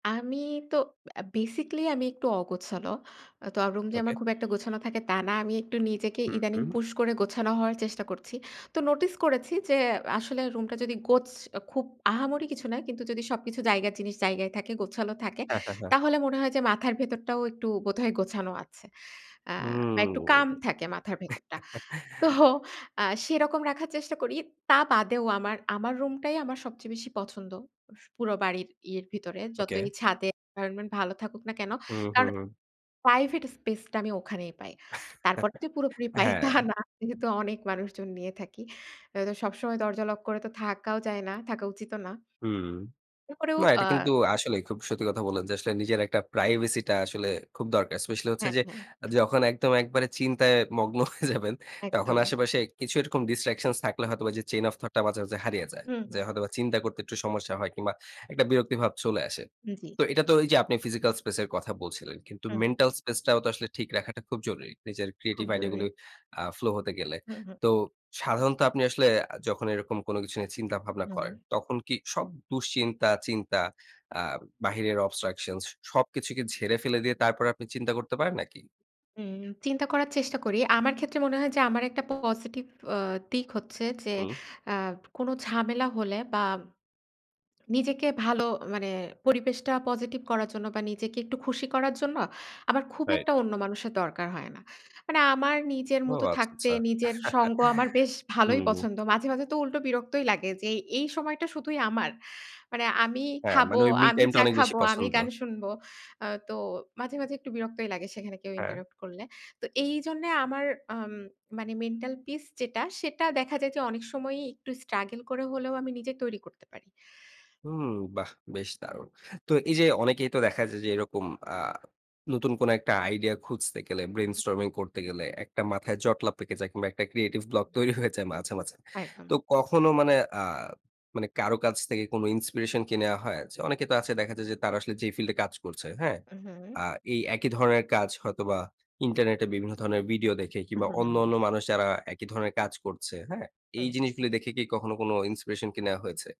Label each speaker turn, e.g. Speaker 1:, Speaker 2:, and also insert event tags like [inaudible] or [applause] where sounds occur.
Speaker 1: আমি তো আ বেসিক্যালি আমি একটু অগোছালো। তো রুম যে
Speaker 2: ওকে।
Speaker 1: আমার খুব একটা গোছানো থাকে তা না। আমি একটু নিজেকে
Speaker 2: হু,
Speaker 1: ইদানিং
Speaker 2: হু।
Speaker 1: পুশ করে গোছানো হওয়ার চেষ্টা করছি। তো নোটিস করেছি যে আসলে রুমটা যদি গোছ খুব আহামরি কিছু না। কিন্তু যদি সবকিছু জায়গার জিনিস জায়গায় থাকে, গোছালো থাকে
Speaker 2: হ্যাঁ, হ্যাঁ, হ্যাঁ।
Speaker 1: তাহলে মনে হয় যে মাথার ভেতরটাও একটু বোধহয় গোছানো আছে। আ
Speaker 2: হুম।
Speaker 1: বা একটু কাম
Speaker 2: [chuckles]
Speaker 1: থাকে মাথার ভেতরটা। তো আ সেরকম রাখার চেষ্টা করি। তা বাদেও আমার আমার রুমটাই আমার সবচেয়ে বেশি পছন্দ। স পুরো বাড়ির ইয়ের ভেতরে। যতই
Speaker 2: ওকে।
Speaker 1: ছাদে এনভায়রনমেন্ট ভালো থাকুক না কেনো?
Speaker 2: হু,
Speaker 1: কারণ
Speaker 2: হু।
Speaker 1: প্রাইভেট স্পেস টা আমি ওখানেই পাই। তারপরে যে
Speaker 2: [chuckles]
Speaker 1: পুরোপুরি পাই তা
Speaker 2: হ্যাঁ।
Speaker 1: না। যেহেতু অনেক মানুষজন নিয়ে থাকি। আ তো সবসময় দরজা লক করে তো থাকাও যায় না। থাকা উচিতও না।
Speaker 2: হুম,
Speaker 1: এরপরেও
Speaker 2: না, এটা
Speaker 1: আ
Speaker 2: কিন্তু আসলেই খুব সত্যি কথা বললেন যে আসলে নিজের একটা প্রাইভেসি টা আসলে খুব দরকার। স্পেশালি হচ্ছে
Speaker 1: হ্যাঁ,
Speaker 2: যে
Speaker 1: হ্যাঁ।
Speaker 2: যখন একদম একেবারে চিন্তায় মগ্ন হয়ে যাবেন তখন
Speaker 1: একদম।
Speaker 2: আশেপাশে কিছু এরকম ডিসট্রাকশন থাকলে হয়তোবা যে চেইন ওফ থট টা মাঝে, মাঝে হারিয়ে যায়।
Speaker 1: হুম, হু।
Speaker 2: যে হয়তোবা চিন্তা করতে একটু সমস্যা হয় কিংবা একটা বিরক্তিভাব চলে আসে।
Speaker 1: জ্বী।
Speaker 2: তো এটা তো এই যে আপনি ফিজিক্যাল স্পেস এর কথা বলছিলেন। কিন্তু
Speaker 1: হু।
Speaker 2: মেন্টাল স্পেস টাও তো আসলে ঠিক রাখাটা খুব জরুরি। নিজের
Speaker 1: খুব
Speaker 2: ক্রিয়েটিভ আইডিয়া
Speaker 1: জরুরি।
Speaker 2: গুলো আ ফ্লো হতে গেলে।
Speaker 1: হুম, হুম।
Speaker 2: তো সাধারণত আপনি আসলে যখন এরকম কোনো কিছু নিয়ে চিন্তা ভাবনা করেন
Speaker 1: হুম।
Speaker 2: তখন কি সব দুশ্চিন্তা চিন্তা আ বাহিরের অবস্ট্রাকশনস সবকিছু কি ঝেড়ে ফেলে দিয়ে তারপরে আপনি চিন্তা করতে পারেন নাকি?
Speaker 1: উম চিন্তা করার চেষ্টা করি। আমার ক্ষেত্রে মনে হয় যে আমার একটা পজিটিভ আ দিক হচ্ছে যে
Speaker 2: হু।
Speaker 1: আ কোনো ঝামেলা হলে বা নিজেকে ভালো মানে পরিবেশটা পজিটিভ করার জন্য বা নিজেকে একটু খুশি করার জন্য আমার খুব
Speaker 2: রাইট।
Speaker 1: একটা অন্য মানুষের দরকার হয় না। মানে আমার নিজের
Speaker 2: ও
Speaker 1: মতো
Speaker 2: আচ্ছা,
Speaker 1: থাকতে
Speaker 2: আচ্ছা।
Speaker 1: নিজের সঙ্গ আমার বেশ
Speaker 2: [chuckles]
Speaker 1: ভালই
Speaker 2: হুম।
Speaker 1: পছন্দ। মাঝে, মাঝে তো উল্টো বিরক্তই লাগে যে এই সময়টা শুধুই আমার। মানে আমি
Speaker 2: হ্যাঁ,
Speaker 1: খাবো,
Speaker 2: মানে ওই মি
Speaker 1: আমি
Speaker 2: টাইম টা
Speaker 1: চা
Speaker 2: অনেক বেশি
Speaker 1: খাবো, আমি
Speaker 2: পছন্দ।
Speaker 1: গান শুনব। আ তো মাঝে, মাঝে একটু বিরক্তই লাগে সেখানে কেউ
Speaker 2: হ্যাঁ।
Speaker 1: ইন্টারাপ্ট করলে। তো এই জন্যে আমার আম মানে মেন্টাল পিস যেটা সেটা দেখা যায় যে অনেক সময়ই একটু স্ট্রাগল করে হলেও আমি নিজে তৈরি করতে পারি।
Speaker 2: হুম, বাহ! বেশ দারুণ। তো এই যে অনেকেই তো দেখা যায় যে এরকম আ নতুন কোনো একটা আইডিয়া খুঁজতে গেলে ব্রেইন
Speaker 1: হুম।
Speaker 2: স্টর্মিং করতে গেলে একটা মাথায় জটলা পেকে যায় কিংবা একটা ক্রিয়েটিভ ব্লক তৈরি হয়ে যায় মাঝে, মাঝে।
Speaker 1: একদম।
Speaker 2: তো কখনো মানে আ মানে কারো কাছ থেকে কোনো ইন্সপিরেশন কে নেয়া হয়? যে অনেকে তো আছে দেখা যায় যে তারা আসলে যেই ফিল্ডে কাজ করছে, হ্যাঁ?
Speaker 1: উ হুম।
Speaker 2: আ এই একই ধরনের কাজ হয়তোবা ইন্টারনেটে বিভিন্ন ধরনের ভিডিও দেখে
Speaker 1: উ
Speaker 2: কিংবা
Speaker 1: হু, হু, হু,
Speaker 2: অন্য,
Speaker 1: হু।
Speaker 2: অন্য মানুষ যারা একই ধরনের কাজ করছে, হ্যাঁ? এই
Speaker 1: হু।
Speaker 2: জিনিসগুলো দেখে কি কখনো কোনো ইন্সপিরেশন কে নেয়া হয়েছে?